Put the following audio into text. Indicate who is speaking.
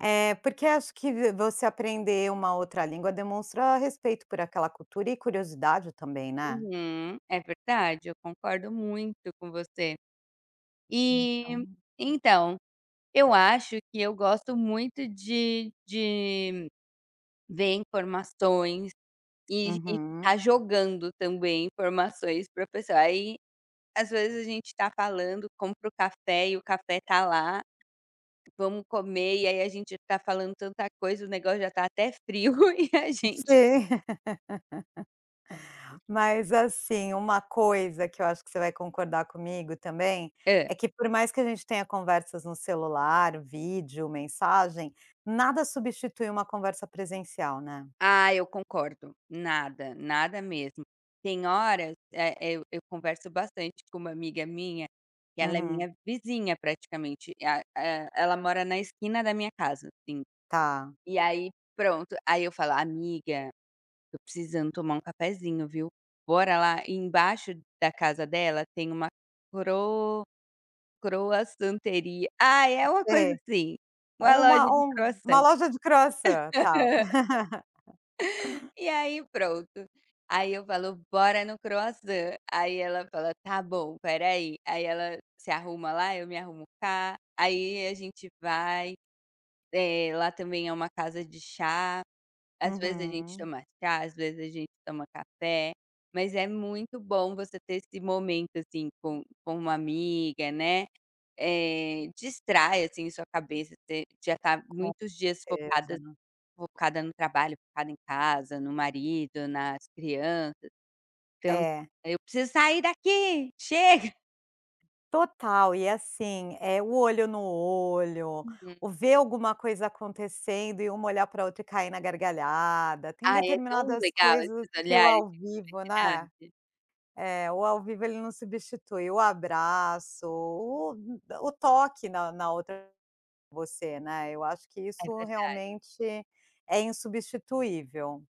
Speaker 1: É, porque acho que v você aprender uma outra língua demonstra respeito por aquela cultura e curiosidade também, né.
Speaker 2: Uhum, é verdade eu concordo muito com você. E
Speaker 1: Então
Speaker 2: então, eu acho que eu gosto muito de de ver informações e e ficar
Speaker 1: Uhum.
Speaker 2: jogando também informações pra pessoa. Aí às vezes a gente tá falando, compra o café e o café tá lá, vamos comer, e aí a gente tá falando tanta coisa, o negócio já tá até frio e a gente
Speaker 1: Sim. Mas, assim, uma coisa que eu acho que você vai concordar comigo também,
Speaker 2: Hã.
Speaker 1: é que por mais que a gente tenha conversas no celular, vídeo, mensagem, nada substitui uma conversa presencial, né?
Speaker 2: Ah, eu concordo. Nada, nada mesmo. Tem horas, eh, eu eu converso bastante com uma amiga minha, que ela é
Speaker 1: Uhum.
Speaker 2: minha vizinha praticamente, a e ela mora na esquina da minha casa, assim.
Speaker 1: Tá.
Speaker 2: E aí pronto, aí eu falo: "Amiga, eu tô precisando tomar um cafezinho, viu. Bora lá?". Embaixo da casa dela tem uma cro croissanteria, ah, é uma coisa
Speaker 1: [unintelligible]
Speaker 2: assim, uma loja
Speaker 1: Uma
Speaker 2: de
Speaker 1: um uma
Speaker 2: croissant.
Speaker 1: loja de croissant. Tá.
Speaker 2: E aí pronto, aí eu falo: "Bora no croissant", aí ela fala: "Tá bom, espera aí". Aí ela se arruma lá, eu me arrumo cá, aí a gente vai, eh, lá também é uma casa de chá, às vezes a gente
Speaker 1: Uhum.
Speaker 2: toma chá, às vezes a gente toma café. Mas é muito bom você ter esse momento, assim, com com uma amiga, né. Eh, distrai, assim, sua cabeça te já tá
Speaker 1: Com
Speaker 2: muitos dias focadas
Speaker 1: certeza.
Speaker 2: focada no trabalho, focada em casa, no marido, nas crianças, então:
Speaker 1: É.
Speaker 2: "Eu preciso sair daqui, Chega!".
Speaker 1: Total e assim, eh, o olho no olho,
Speaker 2: Uhum.
Speaker 1: o ver alguma coisa acontecendo e uma olhar pra outra e cair na gargalhada. Tem
Speaker 2: Ai, é tão
Speaker 1: determinadas
Speaker 2: legal
Speaker 1: coisas
Speaker 2: esses
Speaker 1: que o
Speaker 2: olhares
Speaker 1: ao
Speaker 2: de
Speaker 1: vivo, né.
Speaker 2: cumplicidade.
Speaker 1: É, o ao vivo ele não substitui. O abraço, o o toque na na outra você, né, eu acho que
Speaker 2: É
Speaker 1: isso
Speaker 2: verdade.
Speaker 1: realmente é insubstituível.